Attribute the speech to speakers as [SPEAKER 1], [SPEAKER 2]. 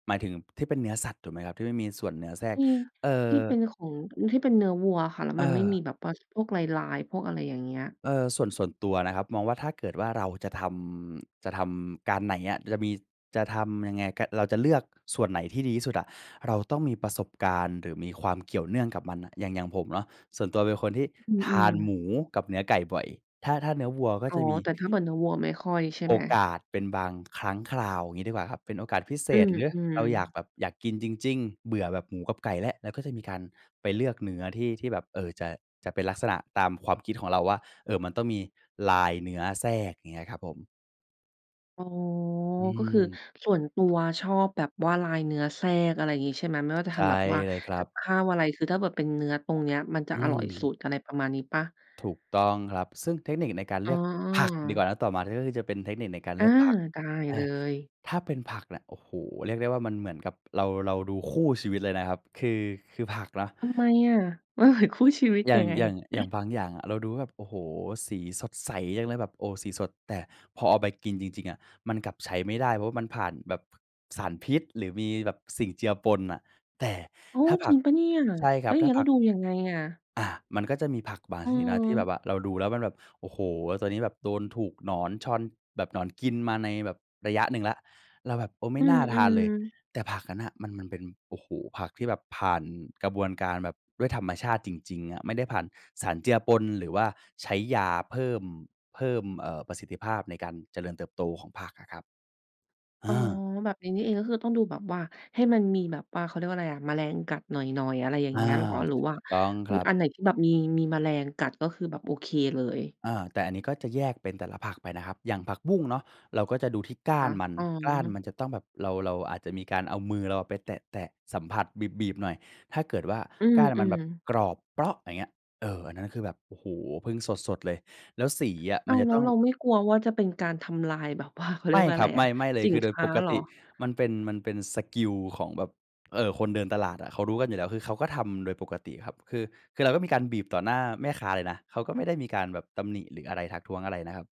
[SPEAKER 1] หมายถึงที่เป็นเนื้อสัตว์ถูกไหมครับ? ที่ไม่มีส่วนเนื้อแทรก
[SPEAKER 2] อืม
[SPEAKER 1] เอ่อ
[SPEAKER 2] ที่เป็นของ ที่เป็นเนื้อวัวอะค่ะ แล้ว
[SPEAKER 1] เ
[SPEAKER 2] มันไม่มี
[SPEAKER 1] ออ
[SPEAKER 2] แบบว่าพวกลาย ๆ พวกอะไรอย่างเงี้ย
[SPEAKER 1] เออ ส่วน ส่วนตัวนะครับ มองว่าถ้าเกิดว่าเราจะทำ จะทำการไหนอะ จะมี จะทำยังไง ก เราจะเลือกส่วนไหนที่ดีที่สุดอะ เราต้องมีประสบการณ์ หรือมีความเกี่ยวเนื่องกับมันน่ะ อย่าง อย่างผมเนาะ ส่วนตัวเป็นคนที่
[SPEAKER 2] อื
[SPEAKER 1] ทา
[SPEAKER 2] ม
[SPEAKER 1] นหม
[SPEAKER 2] ๆ
[SPEAKER 1] ูกับเนื้อไก่บ่อย ถ้า ถ้านื้อวัวก็
[SPEAKER 2] อ๋อ
[SPEAKER 1] จะมี
[SPEAKER 2] แต่ถ้าเหมือนเนื้อวัวไม่ค่อยใช่
[SPEAKER 1] โ
[SPEAKER 2] ไ
[SPEAKER 1] อ
[SPEAKER 2] หม?
[SPEAKER 1] กาสเป็นบางครั้งคราว งี้ดีกว่าครับ เป็นโอกาสพิเศ
[SPEAKER 2] อ
[SPEAKER 1] ษหรือ
[SPEAKER 2] ืม
[SPEAKER 1] เราอยาก
[SPEAKER 2] ๆ
[SPEAKER 1] แบบอยากกินจริง ๆ เบื่อแบบหมูกับไก่และ เราก็จะมีการไปเลือกเนื้อที่ ที่แบบ เอ่อ จะ จะเป็นลักษณะตามความคิดของเราว่า เอ่อ มันต้องมีลายเนื้อแทรก อย่างเงี้ยครับผม
[SPEAKER 2] อ๋อ
[SPEAKER 1] อื
[SPEAKER 2] ก็คือ
[SPEAKER 1] ม
[SPEAKER 2] ส่วนตัวชอบแบบว่าลายเนื้อแทรก อะไรงี้ใช่ไหม? ไม่ว่าจะ
[SPEAKER 1] ใช
[SPEAKER 2] ท
[SPEAKER 1] ่
[SPEAKER 2] ำแบบว่า
[SPEAKER 1] เลยครั
[SPEAKER 2] กับ
[SPEAKER 1] บ
[SPEAKER 2] ข้าวอะไร คือถ้าแบบเป็นเนื้อตรงเนี้ยมันจะ
[SPEAKER 1] อื
[SPEAKER 2] อร่อยสุ
[SPEAKER 1] ม
[SPEAKER 2] ด อะไรประมาณนี้เปล่า?
[SPEAKER 1] ถูกต้องครับ ซึ่งเทคนิคในการ
[SPEAKER 2] อ
[SPEAKER 1] เ
[SPEAKER 2] ๋
[SPEAKER 1] ลือกผักดีก
[SPEAKER 2] อ
[SPEAKER 1] ว่านะ ต่อมาก็คือจะเป็นเทคนิคในการ
[SPEAKER 2] อ
[SPEAKER 1] เล
[SPEAKER 2] า
[SPEAKER 1] ือกผัก
[SPEAKER 2] ได้
[SPEAKER 1] เอ
[SPEAKER 2] เล
[SPEAKER 1] อ
[SPEAKER 2] ย
[SPEAKER 1] ถ้าเป็นผักเนี่ย โอ้โฮ เรียกได้ว่ามันเหมือนกับเรา เราดูคู่ชีวิตเลยนะครับ คือ คือผักเนาะ
[SPEAKER 2] ทำไมอะ? มันเหมือน คู่ชีวิต
[SPEAKER 1] อย่า
[SPEAKER 2] ยั
[SPEAKER 1] ง
[SPEAKER 2] งไง?
[SPEAKER 1] อย่าง อย่างบางอย่างอะ เราดูว่าแบบ โอ้โฮ สีสดใสจังเลย แบบ โอ้โฮ สีสด แต่พอเอาไปกินจริง ๆ อะ มันกลับใช้ไม่ได้ เพราะว่ามันผ่านแบบ ผ สารพิษหรือมีแบบสิ่งเจือปนอะ แต่
[SPEAKER 2] อ๋อ
[SPEAKER 1] ถ้าผ
[SPEAKER 2] จริ
[SPEAKER 1] ัก
[SPEAKER 2] งเปล่าเนี่ย?
[SPEAKER 1] ใช่ค
[SPEAKER 2] แ
[SPEAKER 1] ร
[SPEAKER 2] ล
[SPEAKER 1] ั
[SPEAKER 2] ้
[SPEAKER 1] บ
[SPEAKER 2] วอย่า
[SPEAKER 1] ถ
[SPEAKER 2] ง
[SPEAKER 1] ้า
[SPEAKER 2] งี้
[SPEAKER 1] ผ
[SPEAKER 2] เร
[SPEAKER 1] ั
[SPEAKER 2] า
[SPEAKER 1] ก
[SPEAKER 2] ดูยังไงอะ?
[SPEAKER 1] อ่า มันก็จะมีผักบางชนิดนะ ที่แบ
[SPEAKER 2] เอ
[SPEAKER 1] บ
[SPEAKER 2] อ
[SPEAKER 1] ว่าเราดูแล้วมันแบบ โอ้โฮ ตอนนี้แบบโดนถูกหนอนชอน แบบหนอนกินมาในแบบระยะหนึ่งแล้ว เราแบบ เออ ไม
[SPEAKER 2] อ
[SPEAKER 1] ่
[SPEAKER 2] ื
[SPEAKER 1] น่าทาน
[SPEAKER 2] ม
[SPEAKER 1] เลย
[SPEAKER 2] ๆ
[SPEAKER 1] แต่ผักนั้นน่ะ มัน มันเป็น โอ้โฮ ผักที่แบบผ่านกระบวนการแบบด้วยธรรมชาติจริง ๆ อะ ไม่ได้ผ่านสารเจือปน หรือว่าใช้ยาเพิ่ม เพิ่ม เอ่อ ประสิทธิภาพในการเจริญเติบโตของผักอะครับ เอ
[SPEAKER 2] อ๋อ
[SPEAKER 1] อ
[SPEAKER 2] แบบนี้นี่เอง ก็คือต้องดูแบบว่าให้มันมีแบบว่า เขาเรียกว่าไรอะ? แมลงกัดหน่อย ๆ อะไรอย่าง
[SPEAKER 1] อา
[SPEAKER 2] เงี้ยเหรอ? หรือ
[SPEAKER 1] ถู
[SPEAKER 2] ว่า
[SPEAKER 1] กต้อง
[SPEAKER 2] อ
[SPEAKER 1] ค
[SPEAKER 2] ื
[SPEAKER 1] ร
[SPEAKER 2] อ
[SPEAKER 1] ับ
[SPEAKER 2] อันไหนที่แบบมี มีแมลงกัด ก็คือแบบโอเคเลย
[SPEAKER 1] อา แต่อันนี้ก็จะแยกเป็นแต่ละผักไปนะครับ อย่างผักบุ้งเนาะ เราก็จะดูที่ก้า
[SPEAKER 2] ค
[SPEAKER 1] น
[SPEAKER 2] ะ
[SPEAKER 1] มัน
[SPEAKER 2] อ๋
[SPEAKER 1] ก้าน
[SPEAKER 2] อ
[SPEAKER 1] มันจะต้องแบบ เรา เราอาจจะมีการเอามือเราอะไปแตะ ๆ สัมผัส บีบ ๆ หน่อย ถ้าเกิดว่า
[SPEAKER 2] อื
[SPEAKER 1] ก้านมันแ
[SPEAKER 2] ม
[SPEAKER 1] บบ
[SPEAKER 2] ๆ
[SPEAKER 1] กรอบเป๊าะ อย่างเงี้ย เออ อันนั้นคือแบบ โอ้โฮ เพิ่งสด ๆ เลย แล้วสีอะ
[SPEAKER 2] อ
[SPEAKER 1] ม
[SPEAKER 2] ้
[SPEAKER 1] ั
[SPEAKER 2] า
[SPEAKER 1] น
[SPEAKER 2] ว
[SPEAKER 1] จะ
[SPEAKER 2] แล้
[SPEAKER 1] ต
[SPEAKER 2] ว
[SPEAKER 1] ้อง
[SPEAKER 2] เราไม่กลัวว่าจะเป็นการทำลาย แบบว่า เขาเร
[SPEAKER 1] ไ
[SPEAKER 2] ี
[SPEAKER 1] ม
[SPEAKER 2] ย
[SPEAKER 1] ่
[SPEAKER 2] กว่า
[SPEAKER 1] ค
[SPEAKER 2] อะ
[SPEAKER 1] รั
[SPEAKER 2] ไร
[SPEAKER 1] บ ไ
[SPEAKER 2] อะ
[SPEAKER 1] ม่ ๆ เลย
[SPEAKER 2] สิ
[SPEAKER 1] คื
[SPEAKER 2] น
[SPEAKER 1] อโด
[SPEAKER 2] ค
[SPEAKER 1] ย
[SPEAKER 2] ้
[SPEAKER 1] ป
[SPEAKER 2] า
[SPEAKER 1] ก
[SPEAKER 2] เหร
[SPEAKER 1] ต
[SPEAKER 2] อ?
[SPEAKER 1] ิมันเป็น มันเป็นสกิลของแบบ เอ่อ คนเดินตลาดอะ เขารู้กันอยู่แล้ว คือเขาก็ทำโดยปกติครับ คือ คือเราก็มีการบีบต่อหน้าแม่ค้าเลยนะ เขาก็ไม่ได้มีการแบบตำหนิหรืออะไร ทักท้วงอะไรนะครับ